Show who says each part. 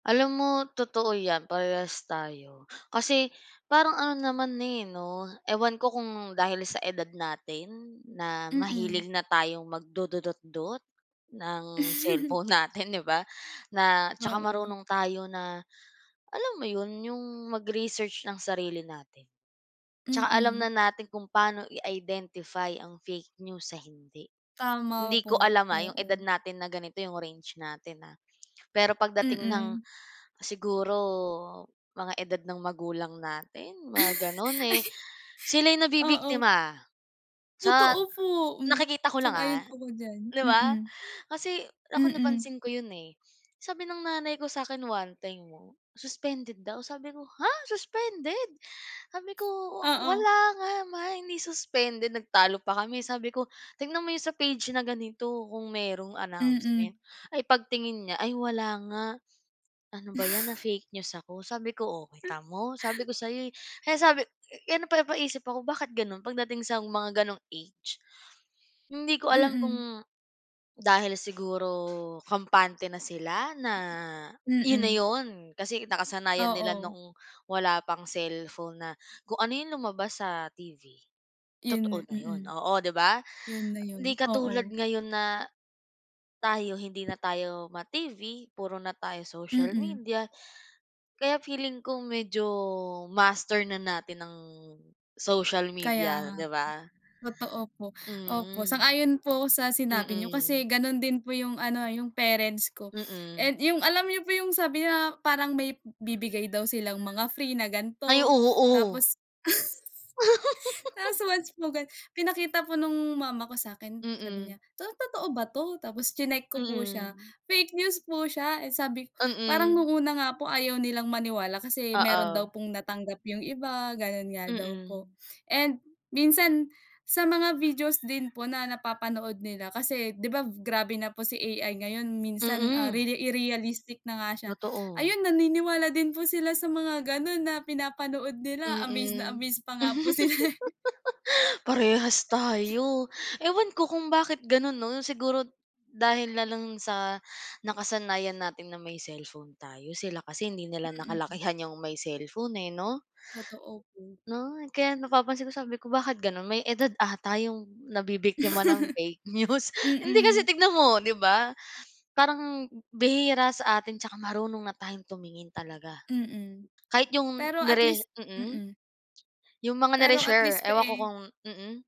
Speaker 1: Alam mo, totoo 'yan, parehas tayo. Kasi parang ano naman na, eh, 'no? Ewan ko kung dahil sa edad natin, na
Speaker 2: Mm.
Speaker 1: mahilig na tayong magdududotdot, ng cellphone natin, 'di ba? Na tsaka
Speaker 2: Oo.
Speaker 1: marunong tayo na alam mo 'yon? Yung mag-research ng sarili natin. Tsaka alam
Speaker 2: Mm.
Speaker 1: na natin kung paano i-identify ang fake news sa hindi.
Speaker 2: Tama
Speaker 1: Hindi ko
Speaker 2: po,
Speaker 1: alam, ah, yung edad
Speaker 2: oo.
Speaker 1: natin na ganito yung range natin, ah. Pero pagdating ng
Speaker 2: Mm.
Speaker 1: siguro mga edad ng magulang natin, mga gano'n, eh, sila'y
Speaker 2: Ay. Oo.
Speaker 1: nabibiktima, sa
Speaker 2: Totoo po. Hmm.
Speaker 1: nakikita ko lang
Speaker 2: Sang-ayon
Speaker 1: ha,
Speaker 2: po ako diyan.
Speaker 1: 'di ba?
Speaker 2: Mm.
Speaker 1: Kasi ako
Speaker 2: Mm.
Speaker 1: napansin ko 'yon, eh. Sabi ng nanay ko sa 'kin one time 'no, suspended daw, sabi ko "Ha! suspended?" Sabi ko,
Speaker 2: Oo.
Speaker 1: "Wala nga ma, hindi suspended." Nagtalo pa kami. Sabi ko, "Tingnan mo 'yon sa page na ganito kung merong
Speaker 2: Mm.
Speaker 1: announcement." Ay pagtingin niya, "Ay wala nga, ano ba 'yan na-fake news ako." sabi ko, "Oh, kita mo? Sabi ko sa 'yo, eh." Kaya sabi kaya napapaisip ako, bakit gano'n pagdating sa mga gano'ng age, hindi ko alam
Speaker 2: Mm.
Speaker 1: kung, dahil siguro kampante na sila na, 'yon na
Speaker 2: Mm.
Speaker 1: 'yon, kasi nakasanayan nila
Speaker 2: Oo.
Speaker 1: noong wala pang cellphone na kung ano yung lumabas sa TV,
Speaker 2: Yun nga,
Speaker 1: totoo na 'yon.
Speaker 2: mm.
Speaker 1: Oo, 'di ba?
Speaker 2: Yun na
Speaker 1: Hindi
Speaker 2: yun,
Speaker 1: katulad
Speaker 2: oo.
Speaker 1: ngayon na, tayo hindi na tayo ma-TV, puro na tayo social
Speaker 2: Mm.
Speaker 1: media, kaya feeling ko medyo, master na natin ang, social
Speaker 2: Kaya
Speaker 1: media,
Speaker 2: nga
Speaker 1: 'di
Speaker 2: po.
Speaker 1: ba?
Speaker 2: Totoo po. Opo,
Speaker 1: Mm.
Speaker 2: sang-ayon po ako sa sinabi niyo,
Speaker 1: Mm.
Speaker 2: kasi gano'n din po yung ano, yung parents ko.
Speaker 1: Mm.
Speaker 2: And yung alam niyo po yung sabi na parang may bibigay daw silang mga free na
Speaker 1: Ay,
Speaker 2: gan'to,
Speaker 1: oo.
Speaker 2: tapos tapos once mo gan pinakita po no'ng mama ko sa 'kin, sabi
Speaker 1: Mm.
Speaker 2: niya, "To totoo ba 'to?" Tapos chineck ko po siya,
Speaker 1: Mm.
Speaker 2: fake news po siya. Eh, sabi ko, parang
Speaker 1: Mm.
Speaker 2: no'ng una nga po ayaw nilang maniwala kasi meron daw
Speaker 1: Oo.
Speaker 2: pong natanggap yung iba, gano'n nga daw po.
Speaker 1: Mm.
Speaker 2: And minsan, sa mga videos din po na napapanood nila kasi, 'di ba grabe na po si AI ngayon, minsan, ah,
Speaker 1: Mm.
Speaker 2: riri i realistic na nga siya.
Speaker 1: Totoo.
Speaker 2: Ayun naniniwala din po sila sa mga gano'n na pinapanood nila. Amaze na
Speaker 1: Mm.
Speaker 2: amaze pa nga po sila eh.
Speaker 1: Parehas tayo. Ewan ko kung bakit gano'n, 'no? Siguro dahil na lang sa, nakasanayan natin na may cellphone tayo. Sila kasi hindi nila
Speaker 2: Mm.
Speaker 1: nakalakihan yung may cellphone, eh, 'no?
Speaker 2: Totoo po.
Speaker 1: 'No? Kaya napapansin ko sabi ko, "Bakit gano'n? May edad ata yung nabibiktima ng fake news." Hindi kasi
Speaker 2: Mm.
Speaker 1: tignan mo, 'di ba? Parang bihira sa atin tsaka marunong na tayong tumingin talaga.
Speaker 2: Mm.
Speaker 1: Kahit yung
Speaker 2: Pero at
Speaker 1: nire
Speaker 2: least
Speaker 1: mm?
Speaker 2: mm.
Speaker 1: Yung mga
Speaker 2: Pero at
Speaker 1: nare-share,
Speaker 2: least pa
Speaker 1: ewan ko
Speaker 2: eh
Speaker 1: kung mm.